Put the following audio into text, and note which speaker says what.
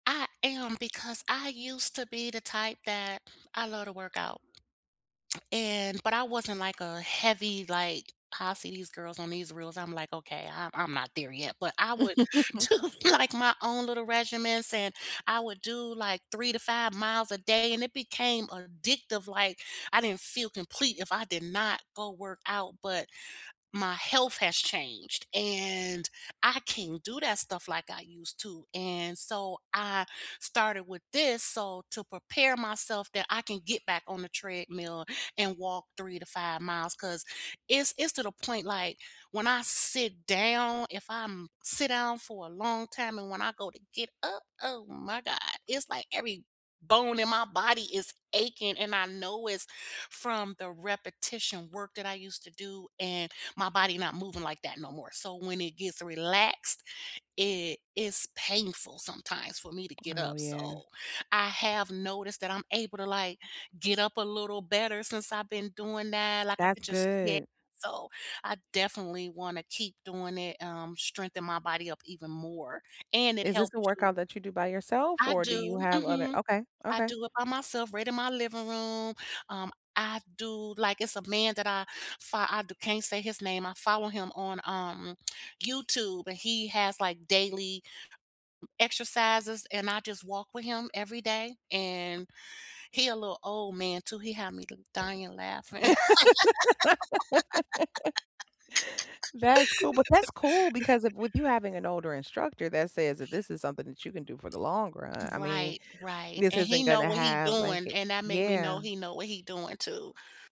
Speaker 1: I am because I used to be the type that I love to work out and but I wasn't, like, a heavy, like, how I see these girls on these reels I'm, like, "Okay I'm I'm not there yet," but I would do, like, my own little regimens and I would do, like, 3 to 5 miles a day and it became addictive, like, I didn't feel complete if I did not go work out but, my health has changed and I can't do that stuff, like, I used to and so I started with this so to prepare myself that I can get back on the treadmill and walk 3 to 5 miles 'cause it's it's to the point, like, when I sit down if I'm sit down for a long time and when I go to get up, oh, my God, it's, like, every bone in my body is aching and I know it's from the repetition work that I used to do and my body not moving, like, that no more so when it gets relaxed, it is painful sometimes for me to get
Speaker 2: Oh,
Speaker 1: up
Speaker 2: yeah.
Speaker 1: so I have noticed that I'm able to, like, get up a little better since I've been doing that, like, I
Speaker 2: That's
Speaker 1: could just yeah
Speaker 2: good.
Speaker 1: so I definitely wanna keep doing it, um, strengthen my body up even more and it
Speaker 2: Is this
Speaker 1: helps
Speaker 2: a
Speaker 1: you
Speaker 2: workout that you do by yourself
Speaker 1: I
Speaker 2: or do you
Speaker 1: do,
Speaker 2: have other
Speaker 1: mhm.
Speaker 2: okay,
Speaker 1: I
Speaker 2: okay.
Speaker 1: do it by myself right in my living room. Um, I do like, it's a man that I fo I can't say his name I follow him on, um, YouTube and he has, like, m exercises and I just walk with him every day and he a little old man too he had me dying laughing.
Speaker 2: That's cool, but, that's cool because if with you having an older instructor that says that this is something that you can do for the long run I mean,
Speaker 1: Right, right
Speaker 2: this
Speaker 1: and he
Speaker 2: isn't
Speaker 1: know
Speaker 2: gonna
Speaker 1: what he
Speaker 2: have like
Speaker 1: doing
Speaker 2: a
Speaker 1: and that make me know
Speaker 2: yeah.
Speaker 1: he know what he doing too.